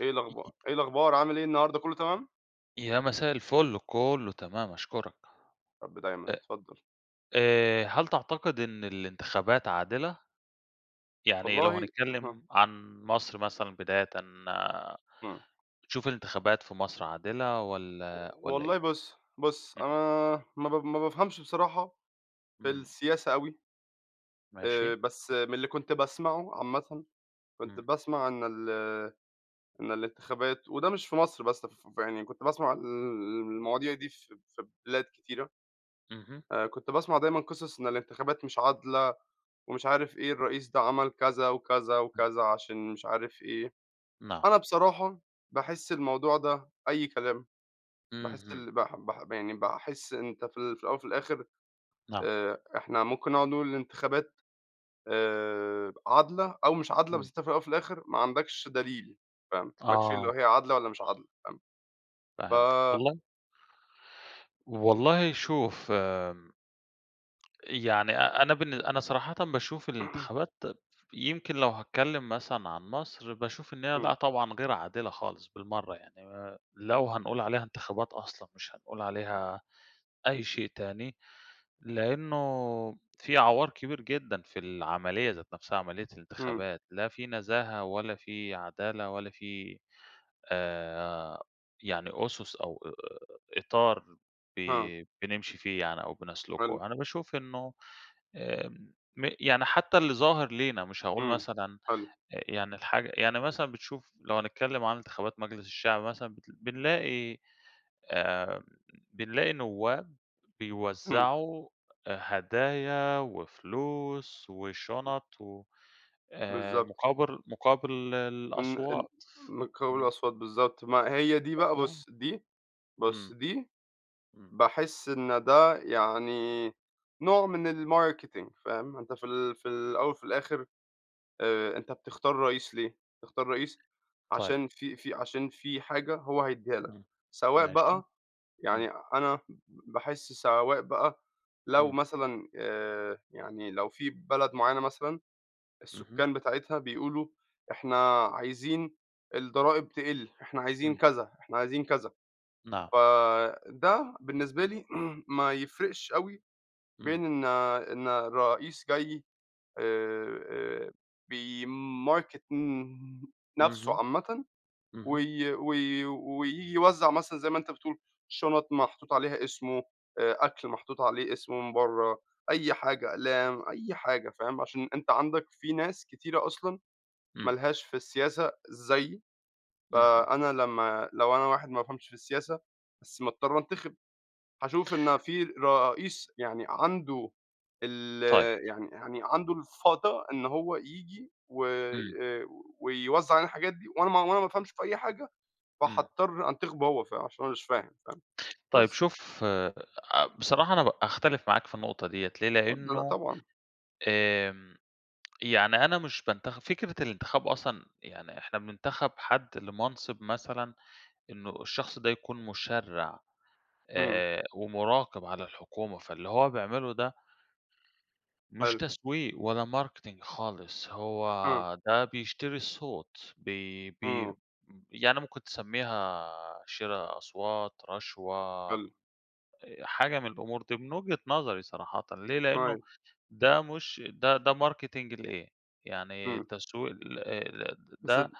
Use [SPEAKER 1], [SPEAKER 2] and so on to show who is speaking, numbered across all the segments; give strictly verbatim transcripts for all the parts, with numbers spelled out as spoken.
[SPEAKER 1] إيه الأخبار إيه الأخبار، عامل إيه النهاردة كله تمام؟
[SPEAKER 2] يا مساء الفل. كله تمام، أشكُرك.
[SPEAKER 1] يارب دايمًا،
[SPEAKER 2] أ
[SPEAKER 1] اتفضّل.
[SPEAKER 2] آآ هل تعتقد إن الانتخابات عادلة؟ يعني لو
[SPEAKER 1] والله أها.
[SPEAKER 2] هنتكلّم عن مصر مثلًا بدايةً،
[SPEAKER 1] إمم.
[SPEAKER 2] بتشوف الانتخابات في مصر عادلة،
[SPEAKER 1] و
[SPEAKER 2] والّا والّا إيه؟
[SPEAKER 1] والله بُص بُص، أنا
[SPEAKER 2] إمم.
[SPEAKER 1] ما ب ما بافهمش بصراحة في
[SPEAKER 2] إمم.
[SPEAKER 1] السياسة أوي. آآ
[SPEAKER 2] ماشي.
[SPEAKER 1] بس من اللي كنت باسمعه عامةً، كنت
[SPEAKER 2] إمم.
[SPEAKER 1] باسمع عن ال إن الانتخابات، وده مش في مصر بس ف في يعني كنت باسمع ال المواضيع دي في في بلاد كتيرة.
[SPEAKER 2] اهم.
[SPEAKER 1] آآ كنت باسمع دايمًا قصص، إن الانتخابات مش عادلة، ومش عارف إيه، الرئيس ده عمل كذا، وكذا،
[SPEAKER 2] إمم.
[SPEAKER 1] وكذا عشان مش عارف إيه.
[SPEAKER 2] نعم.
[SPEAKER 1] أنا بصراحة باحس الموضوع ده أي كلام. باحس
[SPEAKER 2] اهم.
[SPEAKER 1] ال بح بح يعني باحس إن أنت في ال في الأول وفي الآخر
[SPEAKER 2] نعم.
[SPEAKER 1] آآ إحنا ممكن نقعد نقول الانتخابات آآ عادلة، أو مش عادلة، بس
[SPEAKER 2] إمم.
[SPEAKER 1] أنت في الأول وفي الآخر ما عندكش دليل فاهم؟ ما لكش اللي
[SPEAKER 2] آه.
[SPEAKER 1] هي عادلة والّا مش عادلة فاهم؟ ف
[SPEAKER 2] فهمتك. والله والله شوف... يعني أ أنا بالن أنا صراحةً باشوف الانتخابات يمكن لو هاتكلّم مثلًا عن مصر، باشوف إن هي
[SPEAKER 1] إمم.
[SPEAKER 2] لأ طبعًا غير عادلة خالص بالمرّة. يعني آآ لو هنقول عليها انتخابات أصلًا، مش هنقول عليها أي شيء تاني. لإنه في عَوار كبير جدًا في العملية ذات نفسها، عملية
[SPEAKER 1] إمم.
[SPEAKER 2] الانتخابات. لا في نزاهة، ولا في عدالة، ولا في آآ يعني أُسُس، أو إطار ب
[SPEAKER 1] ها.
[SPEAKER 2] بنمشي فيه يعني، أو
[SPEAKER 1] حلو.
[SPEAKER 2] بنَسلُكه. أنا باشوف إنه آآ م يعني حتّى اللي ظاهر لينا، مش هاقول
[SPEAKER 1] إمم.
[SPEAKER 2] مثلًا
[SPEAKER 1] حلو.
[SPEAKER 2] أ يعني الحاجة يعني مثلًا بتشوف لو هنتكلّم عن انتخابات مجلس الشعب مثلًا، بت بنلاقي آآ بنلاقي نوّاب
[SPEAKER 1] إمم.
[SPEAKER 2] بيوزّعوا أ هدايا، وفلوس، وشُنط، وآآ
[SPEAKER 1] بالضبط.
[SPEAKER 2] مُقابر مُقابل
[SPEAKER 1] إن إن
[SPEAKER 2] الأصوات
[SPEAKER 1] م مٌقابل
[SPEAKER 2] إمم.
[SPEAKER 1] الأصوات بالضبط. ما هي دي بقى
[SPEAKER 2] [unintelligible]
[SPEAKER 1] بُص دي بُص،
[SPEAKER 2] إمم.
[SPEAKER 1] دي
[SPEAKER 2] إمم.
[SPEAKER 1] باحس إن ده يعني نوع من الmarketing فاهم؟ أنت في ال في ال الأول وفي الآخر آآ أنت بتختار رئيس ليه؟ بتختار رئيس
[SPEAKER 2] طيب.
[SPEAKER 1] عشان في في عشان في حاجة هو هيدّيها لك
[SPEAKER 2] إمم.
[SPEAKER 1] سواء
[SPEAKER 2] ماشي.
[SPEAKER 1] بقى
[SPEAKER 2] إمم.
[SPEAKER 1] يعني أنا باحس سواء بقى لو
[SPEAKER 2] إمم.
[SPEAKER 1] مثلًا آآ يعني لو في بلد معيّنة مثلًا
[SPEAKER 2] اهم.
[SPEAKER 1] السكان بتاعتها بيقولوا إحنا عايزين الضرائب تقل، إحنا عايزين
[SPEAKER 2] إمم.
[SPEAKER 1] كذا، إحنا عايزين كذا.
[SPEAKER 2] نعم.
[SPEAKER 1] فده بالنسبة لي ما يفرقش أوي
[SPEAKER 2] إمم.
[SPEAKER 1] بين إن إن الرئيس جاي آآ بيmarket م نفسه
[SPEAKER 2] اهم.
[SPEAKER 1] عامةً،
[SPEAKER 2] اهم.
[SPEAKER 1] وي وي وييجي يوزّع مثلًا زي ما أنت بتقول شُنَط محطوط عليها اسمه، آآ أكل محطوط عليه اسمه من برّه، أي حاجة أقلام، أي حاجة فاهم؟ عشان أنت عندك في ناس كتيرة أصلًا ما
[SPEAKER 2] إمم.
[SPEAKER 1] لهاش في السياسة زيّي.
[SPEAKER 2] اهم.
[SPEAKER 1] فأنا لمّا لو أنا واحد ما بافهمش في السياسة، بس مضطر أنتِخب. هاشوف إن في رئيس يعني عنده ال
[SPEAKER 2] طيب.
[SPEAKER 1] يعني يعني عنده الفَضَى إن هو ييجي
[SPEAKER 2] إمم.
[SPEAKER 1] وآآ ويوزّع علينا الحاجات دي، وأنا ما وأنا ما أفهمش في أي حاجة،
[SPEAKER 2] إمم.
[SPEAKER 1] فحاضطر أنتخبه هو. ف عشان أنا مش فاهم فاهم؟
[SPEAKER 2] طيب،
[SPEAKER 1] بس.
[SPEAKER 2] شوف أ بصراحة أنا ب أختلف معاك في النقطة ديَّة ليه؟
[SPEAKER 1] [unintelligible] لأ
[SPEAKER 2] لإنه
[SPEAKER 1] طبعًا.
[SPEAKER 2] آمم يعني أنا مش بانتخب. فكرة الانتخاب أصلًا يعني إحنا بننتخب حد لمَنصِب مثلًا إنه الشخص ده يكون مُشرّع،
[SPEAKER 1] إمم.
[SPEAKER 2] آآ ومُراقِب على الحكومة. فاللي هو بيعمله ده مش
[SPEAKER 1] حلو.
[SPEAKER 2] تسويق، ولا marketing خالص. هو
[SPEAKER 1] آه.
[SPEAKER 2] ده بيشتري الصوت، بي بي
[SPEAKER 1] إمم.
[SPEAKER 2] يعني ممكن تسمّيها شِرا أصوات، رشوة
[SPEAKER 1] حلو.
[SPEAKER 2] أ حاجة من الأمور دي من وجهة نظري صراحةً ليه؟ لإنه
[SPEAKER 1] أيوه.
[SPEAKER 2] ده مش ده ده marketing لإيه؟ يعني
[SPEAKER 1] إمم.
[SPEAKER 2] تسويق لإيه ل
[SPEAKER 1] بس
[SPEAKER 2] ده
[SPEAKER 1] د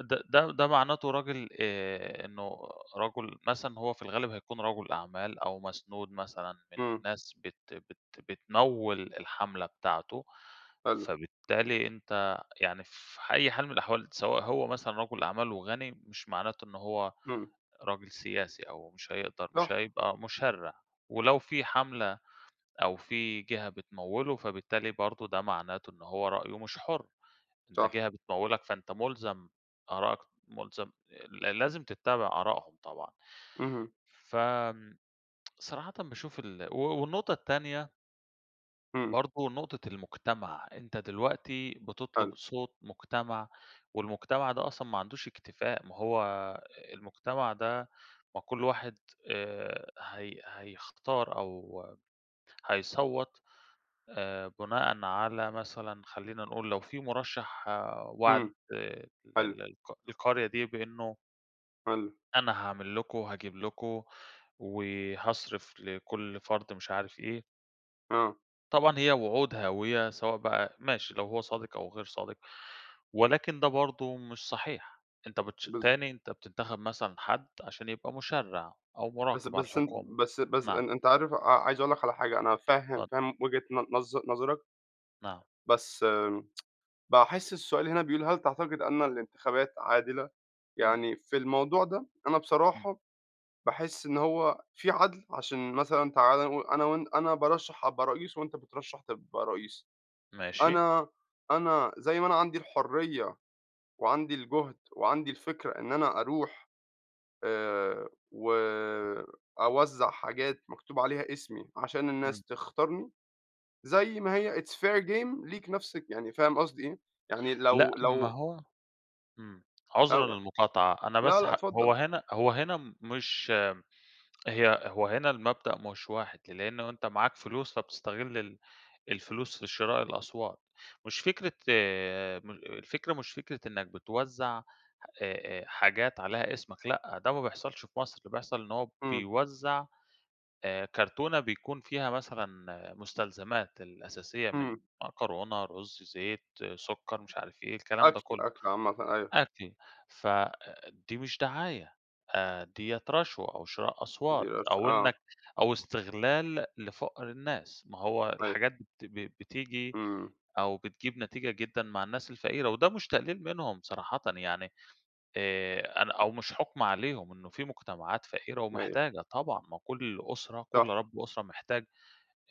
[SPEAKER 2] ده ده ده مَعناته راجل آآ إنه رَجُل مثلًا هو في الغالب هيكون رَجُل أعمال، أو مسنود مثلًا من
[SPEAKER 1] إمم.
[SPEAKER 2] ناس بت بت بتموِّل الحَملة بتاعته.
[SPEAKER 1] حلو.
[SPEAKER 2] فبالتالي أنت يعني في أي حال من الأحوال، سواء هو مثلًا رَجُل أعمال وغَني، مش معناته إنه هو
[SPEAKER 1] إمم.
[SPEAKER 2] راجل سياسي، أو مش هيقدر مش
[SPEAKER 1] صح.
[SPEAKER 2] هيبقى مُشرّع. ولو في حَملة، أو في جهة بتموِّله، فبالتالي برضه ده معناته إن هو رأيه مش حُر. أنت
[SPEAKER 1] صح.
[SPEAKER 2] جهة بتموِّلك، فأنت مُلزَم آرائك ملزم ل لازم تتّبع آرائهم طبعًا.
[SPEAKER 1] اهم.
[SPEAKER 2] فآمم صراحةً باشوف ال و والنقطة التانية
[SPEAKER 1] إمم.
[SPEAKER 2] برضه نقطة المجتمع، أنت دلوقتي
[SPEAKER 1] حلو.
[SPEAKER 2] بتطلب صوت مجتمع, والمجتمع ده أصلًا ما عندوش اكتفاء، ما هو المجتمع ده ما كل واحد آآ هي هيختار أو هيصوَّت آآ بُناءً على مثلًا خلّينا نقول لو في مُرَشح وعد
[SPEAKER 1] إمم،
[SPEAKER 2] ال
[SPEAKER 1] حلو.
[SPEAKER 2] ال الق القرية دي بإنه
[SPEAKER 1] حلو.
[SPEAKER 2] أنا هاعمل لكم، وهاجيب لكم، وهاصرف لكل فرد مش عارف إيه.
[SPEAKER 1] آه.
[SPEAKER 2] طبعًا هي وعود هاوية سواء بقى ماشي لو هو صادق أو غير صادق، ولكن ده برضه مش صحيح، أنت بتش
[SPEAKER 1] بالض
[SPEAKER 2] تاني أنت بتنتخب مثلًا حد عشان يبقى مُشَرِّع أو
[SPEAKER 1] بس
[SPEAKER 2] مُراقِب على
[SPEAKER 1] بس أن
[SPEAKER 2] الحكومة،
[SPEAKER 1] بس بس
[SPEAKER 2] نعم.
[SPEAKER 1] أن أنت عارف ع عايز أقول لك على حاجة، أنا فاهم
[SPEAKER 2] اتفضل.
[SPEAKER 1] فاهم وجهة ن نظ نظرك.
[SPEAKER 2] نعم.
[SPEAKER 1] بس آمم، باحس السؤال هنا بيقول هل تعتقد أن الانتخابات عادلة؟
[SPEAKER 2] إمم.
[SPEAKER 1] يعني في الموضوع ده أنا
[SPEAKER 2] إمم.
[SPEAKER 1] بصراحة باحس إن هو في عدل عشان مثلًا تعالَ نقو أنا وأن أنا بارَشَح أبقى رئيس وأنت بترَشَح تبقى رئيس.
[SPEAKER 2] ماشي.
[SPEAKER 1] أنا أنا زي ما أنا عندي الحرية، وعندي الجهد وعندي الفكرة إن أنا أروح آآ وأوزع حاجات مكتوب عليها إسمي، عشان الناس
[SPEAKER 2] إمم.
[SPEAKER 1] تختارني، زي ما هي it's fair game ليك نفس يعني فاهم قصدي إيه؟ يعني
[SPEAKER 2] لأ،
[SPEAKER 1] لو
[SPEAKER 2] ما
[SPEAKER 1] لو
[SPEAKER 2] هو امم،
[SPEAKER 1] أو
[SPEAKER 2] عذرًا للمقاطعة، أنا
[SPEAKER 1] لا
[SPEAKER 2] بس
[SPEAKER 1] لأ،
[SPEAKER 2] هَ هو
[SPEAKER 1] اتفضل.
[SPEAKER 2] هنا هو هنا مش هي هو هنا المبدأ مش واحد لأنه أنت معاك فلوس فبتستغل ال الفلوس في شراء الأصوات، مش فكرة م الفكرة مش فكرة إنك بتوزع آآ آآ حاجات عليها إسمك، لأ، ده ما بيحصلش في مصر، اللي بيحصل إن هو
[SPEAKER 1] إمم.
[SPEAKER 2] بيوزع آآ كرتونة بيكون فيها مثلًا مستلزمات الأساسية من
[SPEAKER 1] إمم.
[SPEAKER 2] مكرونة، رز، زيت، سكر، مش عارف إيه الكلام ده
[SPEAKER 1] أكل،
[SPEAKER 2] كله،
[SPEAKER 1] أكل عامةً، أيوه.
[SPEAKER 2] أكل، فدي مش دعاية آآ دِيَّة رشوة أو شراء أصوات
[SPEAKER 1] بيرش
[SPEAKER 2] أو
[SPEAKER 1] آه.
[SPEAKER 2] إنك أو استغلال لفقر الناس، ما هو
[SPEAKER 1] أيوه.
[SPEAKER 2] الحاجات بت ب بتيجي
[SPEAKER 1] إمم.
[SPEAKER 2] أو بتجيب نتيجة جدًا مع الناس الفقيرة وده مش تقليل منهم صراحةً يعني آآ أنا أو مش حكم عليهم إنه في مجتمعات فقيرة
[SPEAKER 1] أيوه.
[SPEAKER 2] ومحتاجة، طبعًا، ما كل أسرة، كل
[SPEAKER 1] صح.
[SPEAKER 2] رب أسرة محتاج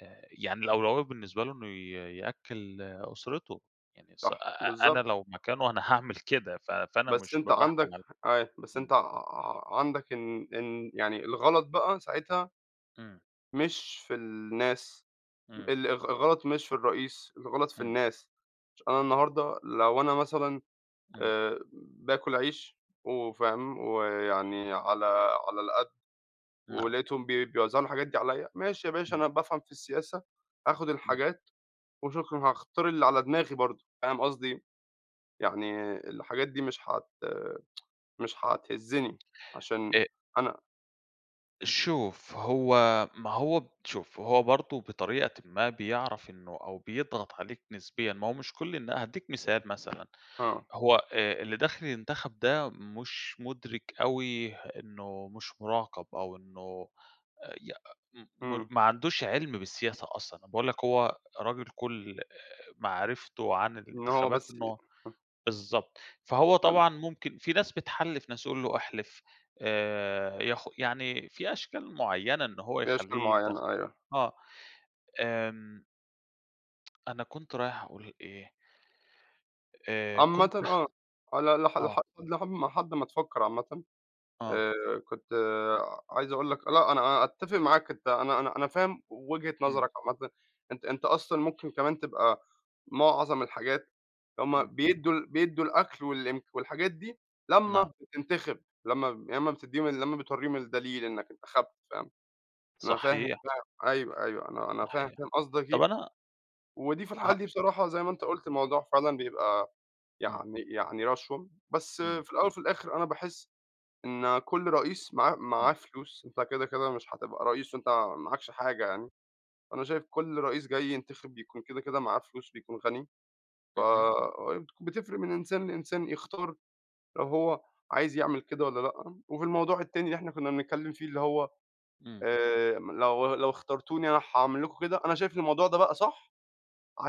[SPEAKER 2] آآ يعني الأولوية بالنسبة له إنه ي يأكل أسرته، يعني ص أ
[SPEAKER 1] صح،
[SPEAKER 2] أنا
[SPEAKER 1] بالضبط.
[SPEAKER 2] لو مكانه أنا هاعمل كده، ف فأنا
[SPEAKER 1] بس
[SPEAKER 2] مش ب
[SPEAKER 1] أنت عندك
[SPEAKER 2] باحكم عل
[SPEAKER 1] أيوه، بس
[SPEAKER 2] امم.
[SPEAKER 1] أنت ع عندك إن إن يعني الغلط بقى ساعتها
[SPEAKER 2] إمم.
[SPEAKER 1] مش في الناس،
[SPEAKER 2] إمم.
[SPEAKER 1] ال الغ الغلط مش في الرئيس، الغلط في
[SPEAKER 2] إمم.
[SPEAKER 1] الناس، ش أنا النهاردة لو أنا مثلًا
[SPEAKER 2] إمم.
[SPEAKER 1] آآ باكل عيش وفاهم ويعني على على القد،
[SPEAKER 2] نعم.
[SPEAKER 1] ولاقيتهم بي بيوزعوا الحاجات دي عليَّ، ماشي يا باشا
[SPEAKER 2] إمم.
[SPEAKER 1] أنا بافهم في السياسة، آخد الحاجات، وشكرًا هاختار اللي على دماغي برضه، فاهم قصدي أيه؟ يعني الحاجات دي مش هت مش هتهزني عشان
[SPEAKER 2] أ
[SPEAKER 1] أنا
[SPEAKER 2] شوف هو ما هو شوف، هو برضو بطريقةً ما بيعرف إنه أو بيضغط عليك نسبيًا ما هو مش كل إن هأديك مثال مثلًا،
[SPEAKER 1] آه.
[SPEAKER 2] هو آآ، اللي داخل ينتخب ده مش مدرك أوي إنه مش مراقب أو إنه ي م م
[SPEAKER 1] امم.
[SPEAKER 2] ما عندوش علم بالسياسة أصلًا، انا بأقول لك هو راجل كل آآ، معرفته عن
[SPEAKER 1] إن هو
[SPEAKER 2] الانتخابات
[SPEAKER 1] بس ي
[SPEAKER 2] إنه
[SPEAKER 1] ه
[SPEAKER 2] بالضبط، فهو
[SPEAKER 1] حلو.
[SPEAKER 2] طبعًا ممكن في ناس بتحلف ناس، يقول له: "أحلف." آآ، ياخ يعني في أشكال معينة إن هو
[SPEAKER 1] في أشكال
[SPEAKER 2] يخليه ينتخب.
[SPEAKER 1] معينة، أيوه.
[SPEAKER 2] آه، آمم أنا كنت رايح أقول إيه؟ آآ،
[SPEAKER 1] عامةً
[SPEAKER 2] كنت
[SPEAKER 1] آه، على ل لح
[SPEAKER 2] آه.
[SPEAKER 1] لحم لحد ما تفكر عامةً
[SPEAKER 2] آه.
[SPEAKER 1] آآ، كنت عايز أقول لك لأ، أنا أنا أتفق معاك. أنت أنا أنا أنا فاهم وجهة
[SPEAKER 2] امم.
[SPEAKER 1] نظرك عامةً. أنت أنت أصلًا ممكن كمان تبقى معظم الحاجات هُم
[SPEAKER 2] امم.
[SPEAKER 1] بيدوا بيدوا الأكل والإمك والحاجات دي لما
[SPEAKER 2] نعم.
[SPEAKER 1] بتنتخب، لما لما بتديهم، لما بتوريهم الدليل إنك انتخبت، فاهم. أنا فاهم
[SPEAKER 2] صحيح.
[SPEAKER 1] ده أيوه أيوه، أنا أنا فاهم
[SPEAKER 2] صحيح.
[SPEAKER 1] فاهم قصدك
[SPEAKER 2] طب،
[SPEAKER 1] إيه،
[SPEAKER 2] أنا
[SPEAKER 1] ودي في الحالة
[SPEAKER 2] هأ
[SPEAKER 1] دي بصراحة زي ما أنت قلت الموضوع فعلًا بيبقى
[SPEAKER 2] امم.
[SPEAKER 1] يعني يعني رشوة، بس
[SPEAKER 2] امم.
[SPEAKER 1] في الأول وفي الآخر أنا باحس إن كل رئيس معاه معاه
[SPEAKER 2] امم.
[SPEAKER 1] فلوس. أنت كده كده مش هتبقى رئيس وأنت معاكش حاجة يعني، أنا شايف كل رئيس جاي ينتخب بيكون كده كده معاه فلوس، بيكون غني،
[SPEAKER 2] اهم.
[SPEAKER 1] فبتفرق من إنسان لإنسان يختار لو هو عايز يعمل كده والّا لأ. وفي الموضوع التاني اللي إحنا كنا بنتكلم فيه، اللي هو
[SPEAKER 2] امم.
[SPEAKER 1] آآ، لو لو اخترتوني أنا هأعمل لكم كده، أنا شايف الموضوع ده بقى صح،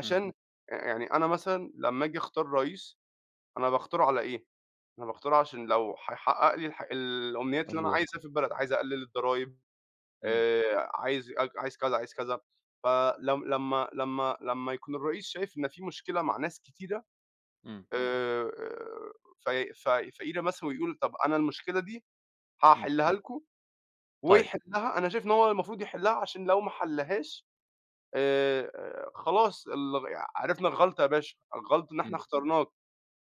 [SPEAKER 2] امم.
[SPEAKER 1] يعني أنا مثلًا لما آجي أختار رئيس أنا باختاره على ايه؟ أنا باختاره عشان لو هيحقق لي الح الأمنيات اللي أنا
[SPEAKER 2] حلوة.
[SPEAKER 1] عايزها في البلد، عايز أقلل الضرايب،
[SPEAKER 2] امم.
[SPEAKER 1] آآ، عايز اك عايز كذا، عايز كذا. فلما لما لما يكون الرئيس شايف إن في مشكلة مع ناس كتيرة
[SPEAKER 2] امم.
[SPEAKER 1] آآ، ف ف فقيرة مثلًا ويقول: "طب، أنا المشكلة دي
[SPEAKER 2] امم.
[SPEAKER 1] هأحلها لكم."
[SPEAKER 2] طيب.
[SPEAKER 1] ويحلها، أنا شايف إن هو المفروض يحلها، عشان لو ما حلهاش آآ، خلاص ال عرفنا الغلطة يا باشا، الغلط إن إحنا
[SPEAKER 2] امم.
[SPEAKER 1] اخترناك.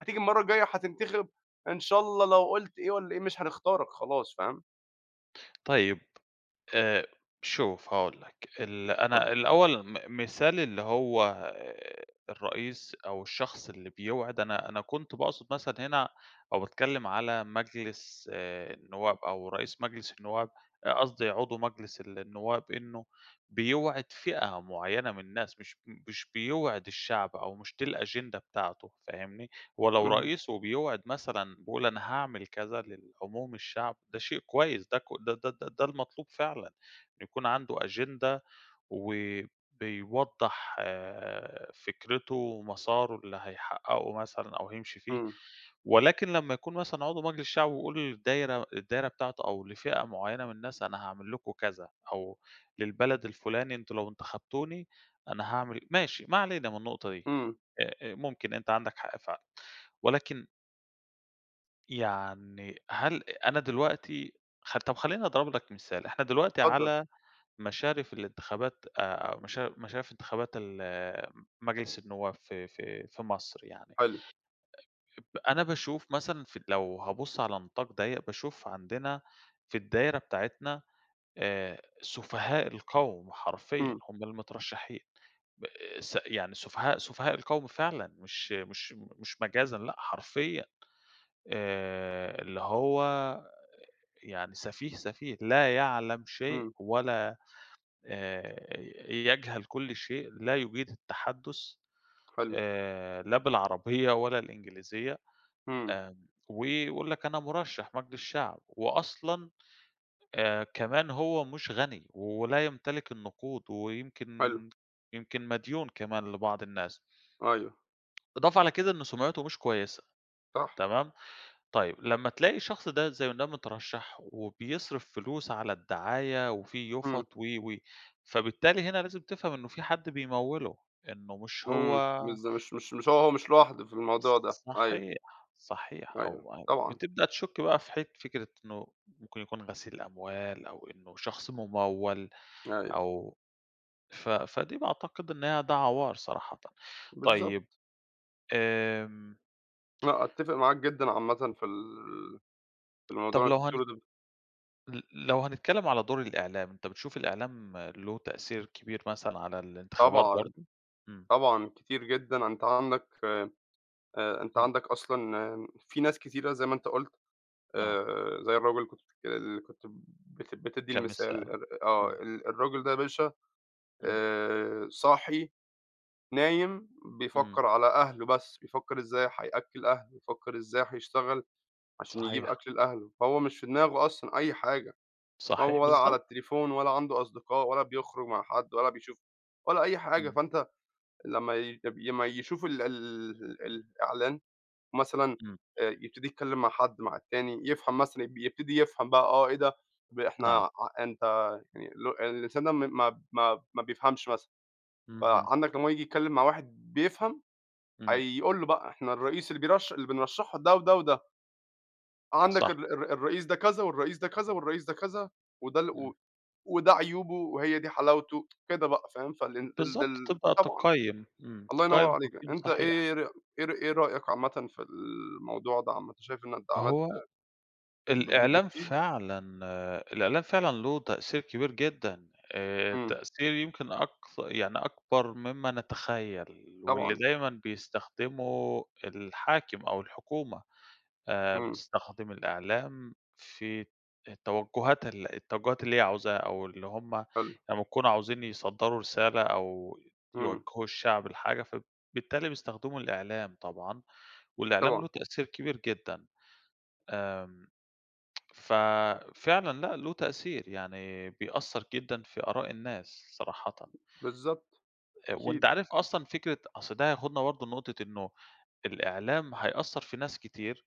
[SPEAKER 1] هتيجي المرة الجاية هتنتخب، إن شاء الله لو قلت إيه والّا إيه، مش هنختارك خلاص، فاهم؟
[SPEAKER 2] طيب، آآ، شوف هاقول لك. ال
[SPEAKER 1] اتفضَّل.
[SPEAKER 2] أنا الأوّل م مثال اللي هو الرئيس أو الشخص اللي بيوعِد، أنا أنا كنت باقصد مثلًا هنا أو باتكلم على مجلس آآ النوّاب أو رئيس مجلس النوّاب، قصْدي عضو مجلس النوّاب إنه بيوعد فئة معينة من الناس، مش مش بيوعِد الشعب أو مش دي الأجندة بتاعته، فاهمني؟ ولو
[SPEAKER 1] اهم.
[SPEAKER 2] رئيس وبيوعِد مثلًا، بيقول أنا هاعمل كذا للعموم الشعب، ده شيء كويّس، ده ك ده ده ده المطلوب فعلًا، إن يكون عَنده أجندة و بيوضَّح فِكرته ومسارُه اللي هيحقَّقه مثلًا أو هيمشي فيه،
[SPEAKER 1] إمم.
[SPEAKER 2] ولكن لما يكون مثلًا عضو مجلس الشعب، ويقول الدايرة الدايرة بتاعته أو لفئة معيَّنة من الناس أنا هاعمل لكم كذا أو للبلد الفُلاني، أنتم لو انتخبتوني، أنا هاعمل ماشي، ما علينا من النقطة دي،
[SPEAKER 1] إمم.
[SPEAKER 2] آآ ممكن أنت عَندك حق فعلًا ولكن يعني، هل أنا دلوقتي، خ طَب خلّيني أضرب لك مثال، إحنا دلوقتي
[SPEAKER 1] اتفضَّل.
[SPEAKER 2] على مشارف الإنتخابات، آآ مشا مشارف إنتخابات ال مجلس النواب في في في مصر يعني.
[SPEAKER 1] حلو.
[SPEAKER 2] أ أنا باشوف مثلًا في لو هابص على نطاق ضيَّق، باشوف عندنا في الدايرة بتاعتنا آآ، سُفهاء القَوم، حرفيًا،
[SPEAKER 1] إمم.
[SPEAKER 2] هُم المترشَّحين، ب س يعني سُفهاء سُفهاء القَوم فعلًا، مش مش مش مجازًا، لأ حرفيًا آآ، اللي هو يعني سفيه، سفيه، لا يعلَم شيء
[SPEAKER 1] إمم.
[SPEAKER 2] ولا، آآ يجهل كل شيء، لا يُجيد التحدُث
[SPEAKER 1] حلو.
[SPEAKER 2] آآ لا بالعربية ولا الإنجليزية،
[SPEAKER 1] إمم.
[SPEAKER 2] آمم ويقول لك أنا مُرشَّح مجلس شعب، وأصلًا آآ كمان هو مش غني ولا يمتلِك النقود
[SPEAKER 1] حلو.
[SPEAKER 2] ويمكن يمكن مديون كمان لبعض الناس.
[SPEAKER 1] أيوه.
[SPEAKER 2] إضافة على كده إن سُمعته مش كويّسة،
[SPEAKER 1] صح.
[SPEAKER 2] تمام؟ طيب، لمّا تلاقي شخص ده، زي ده مترشَّح وبيصرِف فلوس على الدعاية وفي
[SPEAKER 1] إمم.
[SPEAKER 2] يُفَط و، و، فبالتالي هنا لازم تفهَم إنه في حد بيموِّله، إنه مش هو
[SPEAKER 1] إمم. بالضب مش مش مش هو مش لوحده في
[SPEAKER 2] ص
[SPEAKER 1] الموضوع ده.
[SPEAKER 2] ص
[SPEAKER 1] أيوه.
[SPEAKER 2] صحيح، صحيح،
[SPEAKER 1] أيوه.
[SPEAKER 2] أو أو
[SPEAKER 1] طبعًا.
[SPEAKER 2] بتبدأ تشُك بقى في حت فكرة إنه ممكن يكون غسيل أموال أو إنه شخص مُموَّل
[SPEAKER 1] أيوه.
[SPEAKER 2] أو ف فدي باعتقد إنها ده عَوار صراحةً.
[SPEAKER 1] بالضبط.
[SPEAKER 2] طيب، آمم.
[SPEAKER 1] لأ أتّفق معاك جدًا عامةً في ال في الموضوع
[SPEAKER 2] طَب
[SPEAKER 1] اللي
[SPEAKER 2] لو
[SPEAKER 1] أنت
[SPEAKER 2] هنت
[SPEAKER 1] بتقوله ده.
[SPEAKER 2] ل لو هنتكلم على دور الإعلام، أنت بتشوف الإعلام له تأثير كبير مثلًا على الانتخابات
[SPEAKER 1] طبعًا،
[SPEAKER 2] برضه؟ امم.
[SPEAKER 1] طبعًا، كتير جدًا أنت عندك ف آآ أنت
[SPEAKER 2] امم.
[SPEAKER 1] عندك أصلًا في ناس كتيرة زي ما أنت قُلت
[SPEAKER 2] نعم.
[SPEAKER 1] آآ زي الراجل اللي كنت بتكل اللي كنت بت بتدي
[SPEAKER 2] كام
[SPEAKER 1] المثال
[SPEAKER 2] السعر،
[SPEAKER 1] ار آه،
[SPEAKER 2] امم.
[SPEAKER 1] ال الراجل ده يا باشا
[SPEAKER 2] إمم.
[SPEAKER 1] آآ صاحي، نايم،
[SPEAKER 2] إمم.
[SPEAKER 1] بيفكر على أهله بس، بيفكر إزاي هيأكل أهله، بيفكر إزاي هيشتغل عشان يجيب
[SPEAKER 2] صحيح.
[SPEAKER 1] أكل لأهله، فهو مش في دماغه أصلًا أي حاجة،
[SPEAKER 2] صحيح،
[SPEAKER 1] هو ولا على
[SPEAKER 2] بالضبط.
[SPEAKER 1] التليفون ولا عنده أصدقاء ولا بيخرج مع حد ولا بيشوف ولا أي حاجة،
[SPEAKER 2] إمم.
[SPEAKER 1] فأنت لمّا ي يب لمّا يشوف ال ال الإعلان مثلًا
[SPEAKER 2] إمم.
[SPEAKER 1] آآ يبتدي يتكلم مع حد، مع التاني، يفهم مثلًا يب يبتدي يفهم بقى، آه إيه ده ب إحنا
[SPEAKER 2] نعم.
[SPEAKER 1] ع أنت يعني اللي هو الإنسان ده م ما ما ما بيفهمش مثلًا،
[SPEAKER 2] اهم.
[SPEAKER 1] فعندك لمّا هو ييجي يتكلم مع واحد بيفهم
[SPEAKER 2] إمم.
[SPEAKER 1] هيقول له بقى إحنا الرئيس اللي بيرش اللي بنرشحه ده وده وده. عندك
[SPEAKER 2] صح.
[SPEAKER 1] ال الر الرئيس ده كذا والرئيس ده كذا والرئيس ده كذا، وده ال و
[SPEAKER 2] إمم.
[SPEAKER 1] وده عيوبه وهي دي حلاوته كده بقى، فاهم، فال ال
[SPEAKER 2] بالضبط،
[SPEAKER 1] دل
[SPEAKER 2] تبدأ
[SPEAKER 1] طبعًا.
[SPEAKER 2] تقيّم، امم،
[SPEAKER 1] الله ينور
[SPEAKER 2] تقيّم
[SPEAKER 1] عليك،
[SPEAKER 2] تقييم
[SPEAKER 1] أنت
[SPEAKER 2] صحيح.
[SPEAKER 1] إيه ر إيه ر إيه رأيك عامةً في الموضوع ده عامةً؟ شايف إن الدعامات
[SPEAKER 2] هو
[SPEAKER 1] ب ب
[SPEAKER 2] الإعلام
[SPEAKER 1] بتفيد؟
[SPEAKER 2] فعلًا الإعلام فعلًا له تأثير كبير جدًا، آآ
[SPEAKER 1] إمم.
[SPEAKER 2] التأثير يمكن أكث يعني أكبر مما نتخيل واللي
[SPEAKER 1] طبعًا.
[SPEAKER 2] دايمًا بيستخدمه الحاكم أو الحكومة، آآ
[SPEAKER 1] إمم.
[SPEAKER 2] بتستخدم الإعلام في التوجهات ال التوجهات اللي هي عاوزاها، أو اللي هم
[SPEAKER 1] حلو.
[SPEAKER 2] لمّا يكونوا عاوزين يصدروا رسالة أو
[SPEAKER 1] إمم.
[SPEAKER 2] يوجهوا الشعب لحاجة، فبالتالي بيستخدموا الإعلام طبعًا، والإعلام له
[SPEAKER 1] طبعًا.
[SPEAKER 2] تأثير كبير جدًا. آمم، ففعلًا لأ، له تأثير، يعني بيأثر جدًا في آراء الناس صراحةً.
[SPEAKER 1] بالضبط،
[SPEAKER 2] آآ وأنت
[SPEAKER 1] أكيد.
[SPEAKER 2] عارف أصلًا فكرة أصل ده هياخدنا برضه لنقطة إنه الإعلام هيأثر في ناس كتير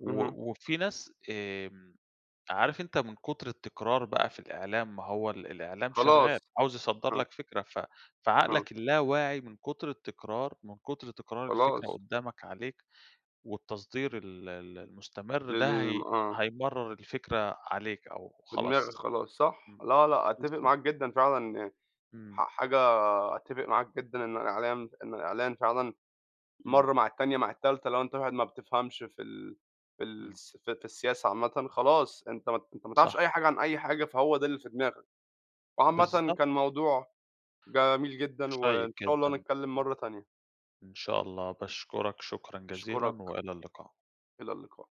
[SPEAKER 2] و
[SPEAKER 1] اهم.
[SPEAKER 2] وفي ناس، آمم، عارف أنت من كتر التكرار بقى في الإعلام، ما هو ال الإعلام شغال،
[SPEAKER 1] خلاص،
[SPEAKER 2] عاوز يصدر
[SPEAKER 1] آه.
[SPEAKER 2] لك فكرة، ف
[SPEAKER 1] آه.
[SPEAKER 2] فعقلك اللاواعي من كتر التكرار، من كتر تكرار الفكرة
[SPEAKER 1] خلاص.
[SPEAKER 2] قدامك عليك والتصدير ال ال المستمر ده
[SPEAKER 1] للم
[SPEAKER 2] هي
[SPEAKER 1] آه.
[SPEAKER 2] هيمرر الفكرة عليك أو
[SPEAKER 1] في دماغك
[SPEAKER 2] خلاص،
[SPEAKER 1] خلاص، صح؟
[SPEAKER 2] امم،
[SPEAKER 1] لا لأ، أتفق
[SPEAKER 2] بالضبط.
[SPEAKER 1] معاك جدًا فعلًا يعني،
[SPEAKER 2] إمم.
[SPEAKER 1] ح حاجة أتفق معاك جدًا إن الإعلام إن الإعلان فعلًا
[SPEAKER 2] إمم.
[SPEAKER 1] مرّة مع التانية مع التالتة، لو أنت واحد ما بتفهمش في ال في
[SPEAKER 2] إمم.
[SPEAKER 1] الس في في السياسة عامةً، خلاص أنت ما ت أنت ما تعرفش
[SPEAKER 2] صح.
[SPEAKER 1] أي حاجة عن أي حاجة فهو ده اللي في دماغك، وعامةً
[SPEAKER 2] بالضبط.
[SPEAKER 1] كان موضوع جميل جدًا
[SPEAKER 2] شيق
[SPEAKER 1] وإن شاء الله
[SPEAKER 2] جدًا. امم.
[SPEAKER 1] نتكلم مرّة تانية.
[SPEAKER 2] إن شاء الله، باشكُرك شكرًا جزيلًا
[SPEAKER 1] أشكُرك.
[SPEAKER 2] وإلى اللقاء.
[SPEAKER 1] إلى اللقاء.